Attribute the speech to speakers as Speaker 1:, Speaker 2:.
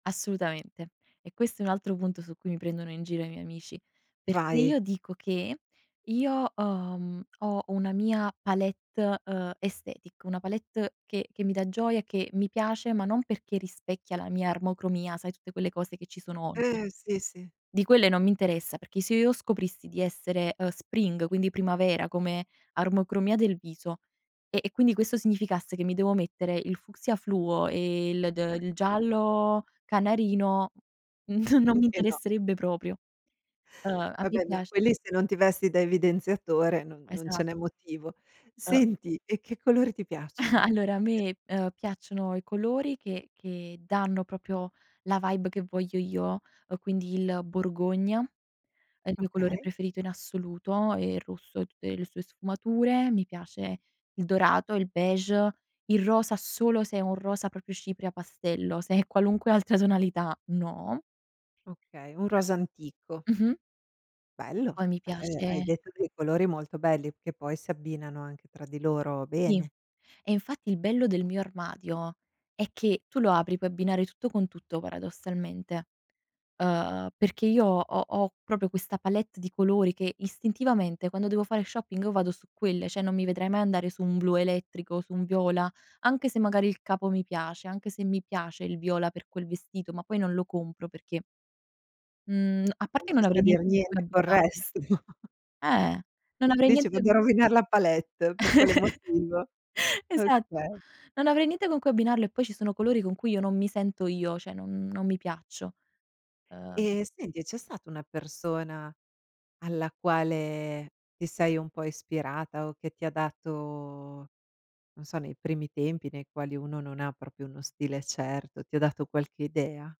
Speaker 1: Assolutamente. E questo è un altro punto su cui mi prendono in giro i miei amici, perché
Speaker 2: Vai.
Speaker 1: io dico che, io ho, mhmm, ho una mia palette, ehm, aesthetic, una palette che che mi dà gioia, che mi piace, ma non perché rispecchia la mia armocromia, sai tutte quelle cose che ci sono oggi.
Speaker 2: Eh, sì, sì.
Speaker 1: Di quelle non mi interessa, perché se io scoprissi di essere, ehm, spring, quindi primavera, come armocromia del viso, e e quindi questo significasse che mi devo mettere il fucsia fluo e il de ehm, il giallo canarino, non non mi
Speaker 2: Anche no.
Speaker 1: interesserebbe proprio. Ehm, a me
Speaker 2: Vabbè, ma
Speaker 1: piac
Speaker 2: quelli se non ti vesti da evidenziatore non non
Speaker 1: Esa
Speaker 2: ce n'è motivo.
Speaker 1: Ehm
Speaker 2: Senti, e che colori ti piacciono?
Speaker 1: Allora a
Speaker 2: E
Speaker 1: me, ehm, piacciono i colori che che danno proprio la vibe che voglio io, ehm, quindi il borgogna, è il mio colore
Speaker 2: Okay.
Speaker 1: preferito in assoluto e il rosso e tutte le sue sfumature. Mi piace il dorato, il beige, il rosa solo se è un rosa proprio cipria pastello, se è qualunque altra tonalità no.
Speaker 2: Okay, un rosa antico.
Speaker 1: [unintelligible] Mh-mh.
Speaker 2: Bello,
Speaker 1: Poi mi
Speaker 2: beh, ehm, hai
Speaker 1: piace
Speaker 2: detto dei colori molto belli che poi si abbinano anche tra di loro
Speaker 1: Sì.
Speaker 2: bene.
Speaker 1: E infatti il bello del mio armadio è che tu lo apri, puoi abbinare tutto con tutto, paradossalmente. Uhm, perché io ho ho ho proprio questa palette di colori che istintivamente quando devo fare shopping io vado su quelle, cioè non mi vedrei mai andare su un blu elettrico, su un viola, anche se magari il capo mi piace, anche se mi piace il viola per quel vestito, ma poi non lo compro perché mhmm, a parte
Speaker 2: Non
Speaker 1: che
Speaker 2: c'è
Speaker 1: non
Speaker 2: sta
Speaker 1: avrei
Speaker 2: a dir
Speaker 1: niente con cui
Speaker 2: niente col
Speaker 1: abbinarlo.
Speaker 2: resto.
Speaker 1: Eh. Non avrei
Speaker 2: Dice che
Speaker 1: niente
Speaker 2: devo rovinar la palette, per quale motivo?
Speaker 1: Esatto.
Speaker 2: Okay.
Speaker 1: Non avrei niente con cui abbinarlo e poi ci sono colori con cui io non mi sento io, cioè non non mi piaccio. Ehm
Speaker 2: Ehm, senti, c'è stata una persona alla quale ti sei un po' ispirata o che ti ha dato, non so, nei primi tempi nei quali uno non proprio uno stile certo, ti ha dato qualche idea?